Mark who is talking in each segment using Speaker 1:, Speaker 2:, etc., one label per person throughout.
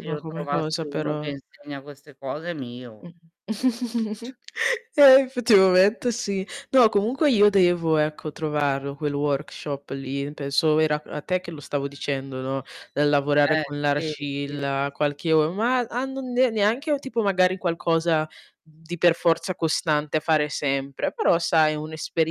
Speaker 1: Se io
Speaker 2: come cosa
Speaker 1: trovassi uno che
Speaker 2: però.
Speaker 1: insegna queste cose, è mio.
Speaker 2: Mh-mh, Eh, effettivamente sì. No comunque io devo ecco trovarlo quel workshop lì, penso era a te che lo stavo dicendo, no, nel lavorare
Speaker 1: Eh,
Speaker 2: con
Speaker 1: sì, sì, sì,
Speaker 2: l'argilla qualche o
Speaker 1: sì.
Speaker 2: ma a non ne neanche o tipo magari qualcosa di per forza costante a fare sempre, però sai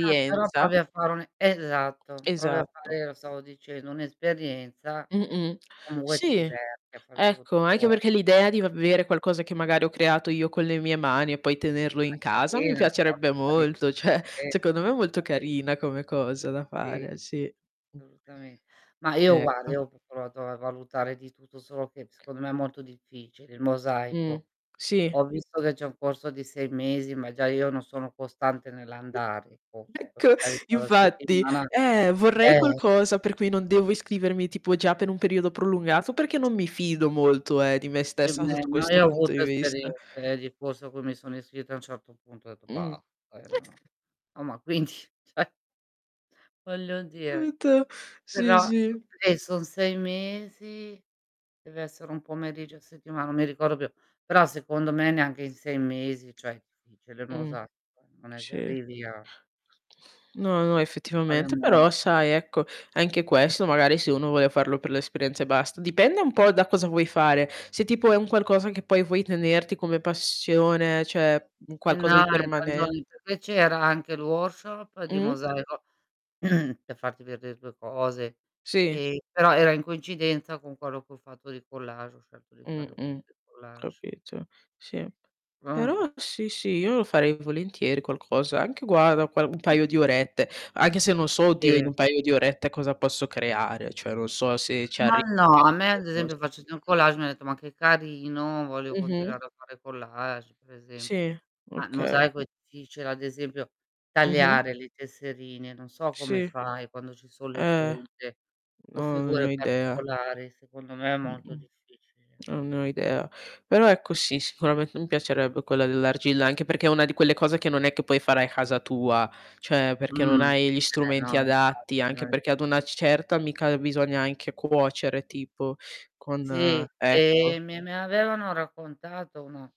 Speaker 1: Ah, però provi a fare un e esatto, provi a
Speaker 2: Esatto.
Speaker 1: fare, lo stavo dicendo, un'esperienza.
Speaker 2: Mh-mh.
Speaker 1: Comunque ti
Speaker 2: Sì,
Speaker 1: diverti a far
Speaker 2: ecco anche
Speaker 1: tutto
Speaker 2: perché
Speaker 1: [unintelligible]
Speaker 2: l'idea di v avere qualcosa che magari ho creato io con le mie mani, e poi tenerlo
Speaker 1: Ma
Speaker 2: in
Speaker 1: è
Speaker 2: casa mi
Speaker 1: carina, è molto
Speaker 2: piacerebbe
Speaker 1: carina.
Speaker 2: molto, cioè
Speaker 1: Sì,
Speaker 2: secondo me è molto
Speaker 1: [unintelligible]
Speaker 2: carina come cosa da fare,
Speaker 1: Sì.
Speaker 2: eh sì.
Speaker 1: Solutame mah, io guarda,
Speaker 2: Ecco.
Speaker 1: io ho p provato a valutare di tutto, solo che, secondo me, è molto difficile, il
Speaker 2: Mh,
Speaker 1: mosaico.
Speaker 2: sì.
Speaker 1: Ho visto che c'è un corso di 6 mesi ma già io non sono costante nell'andare, forse, poi
Speaker 2: Ecco,
Speaker 1: magari [unintelligible] la
Speaker 2: infatti,
Speaker 1: settimana
Speaker 2: eh! Vorrei
Speaker 1: eh.
Speaker 2: qualcosa per cui non devo iscrivermi tipo già per un periodo prolungato, perché non mi fido molto, eh, di me
Speaker 1: Che,
Speaker 2: stessa
Speaker 1: beh,
Speaker 2: sotto
Speaker 1: no,
Speaker 2: questo
Speaker 1: io ho
Speaker 2: punto di
Speaker 1: avuto
Speaker 2: vista.
Speaker 1: esperienze, eh di corso a cui mi sono iscritta, a un certo punto ho detto:
Speaker 2: Mh.
Speaker 1: "Basta." Poi io non ho oh, ma quindi cioè voglio
Speaker 2: Che
Speaker 1: dire.
Speaker 2: brutto! Sì,
Speaker 1: Però [unintelligible]
Speaker 2: sì.
Speaker 1: eh, son 6 mesi, deve essere 1 pomeriggio a settima non mi ricordo più, però secondo me neanche in 6 mesi, cioè, è difficile il
Speaker 2: Mh.
Speaker 1: mosaico, non è che
Speaker 2: Sì.
Speaker 1: arrivi a
Speaker 2: No, no, effettivamente, però
Speaker 1: [unintelligible]
Speaker 2: sai ecco anche questo magari se uno vuole farlo per l'esperienza e basta dipende un po' da cosa vuoi fare, se tipo è un qualcosa che poi vuoi tenerti come passione, cioè, un
Speaker 1: Eh no,
Speaker 2: qualcosa di
Speaker 1: hai
Speaker 2: permanent
Speaker 1: ragione, perchè c'era anche il workshop di
Speaker 2: Mh.
Speaker 1: mosaico, per farti veder 2 cose,
Speaker 2: Sì.
Speaker 1: ehm, però era in coincidenza con quello che ho fatto di collage, ho scelto di
Speaker 2: Mh,
Speaker 1: farlo
Speaker 2: mh.
Speaker 1: [unintelligible] collage.
Speaker 2: Capito, sì. Però,
Speaker 1: Mh.
Speaker 2: sì, sì, io lo farei volentieri qualcosa; anche guarda, qual un
Speaker 1: [unintelligible]
Speaker 2: paio di orette anche se non so, oddio, in
Speaker 1: Sì.
Speaker 2: un paio di orette cosa posso creare, cioè non so se ci
Speaker 1: Ma
Speaker 2: arrivo
Speaker 1: no.
Speaker 2: a creare
Speaker 1: A me ad esempio
Speaker 2: qualcosa.
Speaker 1: facendo il collage mi ha detto: "Ma che carino, voglio
Speaker 2: Mh-mh.
Speaker 1: continuare a fare collage." Per esempio.
Speaker 2: Sì,
Speaker 1: Mah, il
Speaker 2: okay ho
Speaker 1: mosaico
Speaker 2: ca
Speaker 1: e ti dice ad esempio:
Speaker 2: Mh-mh.
Speaker 1: "Tagliare le tesserine." Non so
Speaker 2: Sì.
Speaker 1: come fai quando ci son le
Speaker 2: Eh,
Speaker 1: punte o
Speaker 2: no, non ne ho
Speaker 1: figure
Speaker 2: idea.
Speaker 1: particolari, secondo me è molto
Speaker 2: Mh-mh.
Speaker 1: difficile.
Speaker 2: Non ne ho idea. Però ecco sì sicurament mi piacerebbe quella dell'argilla, anche perché è una di quelle cose che non è che puoi fare a casa tua, cioè perché non
Speaker 1: Mh.
Speaker 2: hai gli
Speaker 1: Eh no,
Speaker 2: strumenti adatti, anche
Speaker 1: infatti.
Speaker 2: perché ad una
Speaker 1: [unintelligible]
Speaker 2: certa mica, uhm, bisogna anche cuocere tipo,
Speaker 1: Sì,
Speaker 2: con ecco.
Speaker 1: ehm, mi mi avevano raccontato una